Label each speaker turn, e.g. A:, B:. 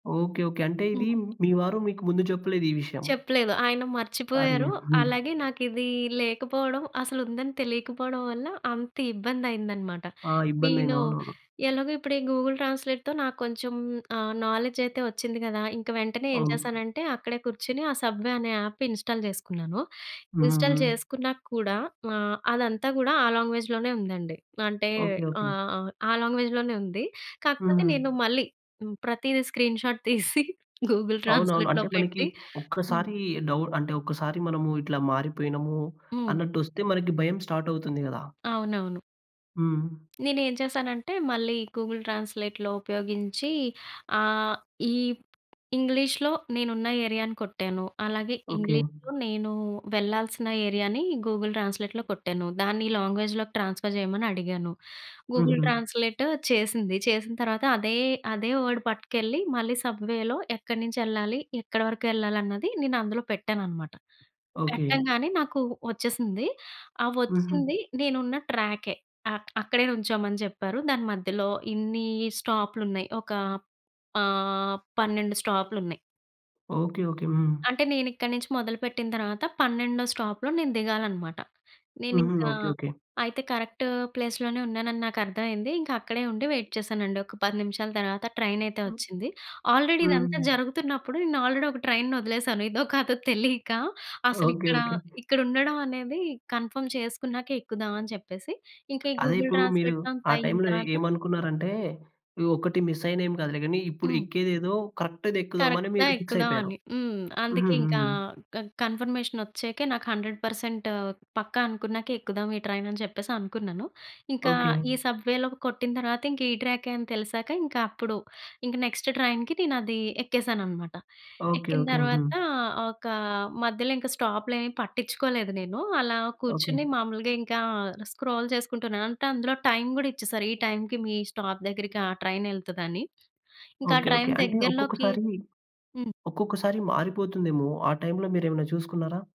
A: Okay, okay. అంటే ఇది
B: హ్మ్.
A: మీ వారు మీకు ముందు చెప్పలేదు ఈ విషయం.
B: చెప్పలేదు. ఆయన
A: అరే!
B: మర్చిపోయారు.
A: హ్మ్.
B: అలాగే నాకు ఇదీ లేకపోవడం, అసలు ఉందని తెలియకపోవడం వల్ల అంత ఇబ్బంది అయిందన్నమాట.
A: ఆ! ఇబ్బంది
B: నేను,
A: అయ్యింది. అవునవును.
B: ఎలాగో ఇప్పుడు ఈ గూగుల్ ట్రాన్స్లేట్తో నాకు కొంచెం ఆ నాలెడ్జ్ అయితే వచ్చింది కదా! ఇంక వెంటనే ఏం
A: అవును.
B: చేశానంటే, అక్కడే కూర్చొని ఆ 'సబ్వే' అనే యాప్ ఇన్స్టాల్ చేసుకున్నాను.
A: హ్మ్,
B: ఇన్స్టాల్
A: హ్మ్.
B: చేసుకున్నాక కూడా, ఆహ్, అదంతా కూడా ఆ లాంగ్వేజ్‌లోనే ఉందండి. అంటే
A: ఓకె, ఓకె.
B: ఆహ్, ఆ లాంగ్వేజ్‌లోనే ఉంది. కాకపోతే
A: హ్మ్.
B: నేను మళ్ళీ ప్రతీదీ స్క్రీన్ షాట్ తీసి, గూగుల్
A: అవునవును.
B: ట్రాన్స్లేట్‌లో
A: అంటే మనకి
B: పెట్టి హ్మ్.
A: ఒక్కసారి డౌట్ అంటే, ఒక్కసారి మనము ఇట్లా మారిపోయినాము
B: హ్మ్.
A: అన్నట్టు వస్తే, మనకి భయం స్టార్ట్ అవుతుంది కదా!
B: అవునవును.
A: హ్మ్.
B: నేను ఏం చేశానంటే, మళ్ళీ గూగుల్ ట్రాన్స్లేట్‌లో ఉపయోగించి, ఆహ్, ఈ ఇంగ్లీష్‌లో నేను ఉన్న ఏరియాని కొట్టాను. అలాగే
A: ఓకె.
B: ఇంగ్లీష్‌లో నేను వెళ్ళాల్సిన ఏరియాని గూగుల్ ట్రాన్స్లేట్‌లో కొట్టాను. దాన్ని ఈ లాంగ్వేజ్‌లోకి ట్రాన్స్ఫర్ చేయమని అడిగాను. గూగుల్
A: హుహు.
B: ట్రాన్స్లేట్ చేసింది. చేసిన తర్వాత అదే, అదే వర్డ్ పట్టుకెళ్ళి మళ్ళీ సబ్‌వే‌లో ఎక్కడి నుంచి వెళ్ళాలి, ఎక్కడ వరకు వెళ్ళాలి, అన్నది నేను అందులో పెట్టాను అన్నమాట.
A: ఓకె.
B: పెట్టంగానే నాకు వచ్చేసింది. ఆ
A: హ్మ్, హ్మ్.
B: వచ్చింది నేను ఉన్న ట్రాకె అక్ అక్కడే నిల్చోమని చెప్పారు. దాని మధ్యలో ఇన్ని స్టాపులున్నాయి. ఒక ఆహ్, 12 స్టాపులున్నాయి.
A: Okay, okay. హ్మ్.
B: అంటే నేను ఇక్కడి నుంచి మొదలుపెట్టిన తర్వాత, 12 స్టాపులో నేను దిగాలనమాట. నేను
A: హుహు,
B: ఇంకా,
A: ఓకె, ఓకె.
B: అయితే కరెక్ట్ ప్లేస్‌లోనే ఉన్నానని నాకు అర్థం అయింది. ఇంకా అక్కడే ఉండి వెయిట్ చేశానండి. ఒక 10 నిమిషాల తర్వాత, ట్రైన్ అయితే
A: హ్మ్,
B: వచ్చింది. ఆల్రెడీ ఇదంతా
A: హ్మ్.
B: జరుగుతున్నప్పుడు, నేను ఆల్రెడీ ఒక ట్రైన్‌ని వదిలేసాను, ఇదో కాదో తెలియక అసలు.
A: ఓకె,
B: ఇక్కడ
A: ఓకె.
B: ,ఇక్కడ ఉండడం అనేది కన్ఫర్మ్ చేసుకున్నాక ఎక్కుదాం, అని చెప్పేసి ఇంకా ఈ
A: అదే,
B: గూగుల్
A: ఇప్పుడు మీరు
B: ట్రాన్స్లేట్ అంతా
A: ఆ
B: అయిన
A: టైమ్‌లో
B: తర్వాత
A: ఏమనుకున్నారంటే, ఈ ఒక్కటి మిస్ అయిన ఏమి కాదులే, కానీ ఇప్పుడు
B: హ్మ్.
A: ఎక్కేది ఏదో కరెక్ట్‌ది ఎక్కుదాం అని
B: కరెక్ట్‌గా
A: మీరు ఫిక్స్
B: ఎక్కుదాం
A: అయిపోయారు.
B: అని. హ్మ్, అందుకే
A: హ్మ్,
B: ఇంకా
A: హ్మ్.
B: క కన్ఫర్మేషన్ వచ్చాకే నాకు 100 పర్సెంట్ పక్కా అనుకున్నాకే ఎక్కుదాం, ఈ ట్రైన్ అని చెప్పేసి అనుకున్నాను. ఇంకా
A: ఓకె.
B: ఈ సబ్వేలో కొట్టిన తర్వాత, ఇంక ఈ ట్రాకె అని తెలిసాక, ఇంక అప్పుడు ఇంక, నెక్స్ట్ ట్రైన్‍కి నేను అది ఎక్కేసాను అనమాట.
A: ఓకె,
B: ఎక్కిన
A: ఓకె, హ్మ్.
B: తర్వాత ఒక మధ్యలో ఇంకా స్టాప్లేమి పట్టించుకోలేదు నేను. అలా
A: ఓకె.
B: కూర్చొని మామూలుగా ఇంకా స్క్రోల్ చేసుకుంటున్నాను. అంటే అందులో టైం కూడా ఇచ్చేసారు. ఈ టైంకి మీ స్టాప్ దగ్గరికి, ఆ ట్రైన్ వెళ్తదని. ఇంకా ఆ
A: ఓకె, ఓకె
B: ట్రైన్
A: అంటే
B: దగ్గరలోకి
A: ఒక్కొక్కసారి,
B: హ్మ్.
A: ఒక్కొక్కసారి మారిపోతుందేమో? ఆ టైంలో మీరేమైనా చూసుకున్నారా?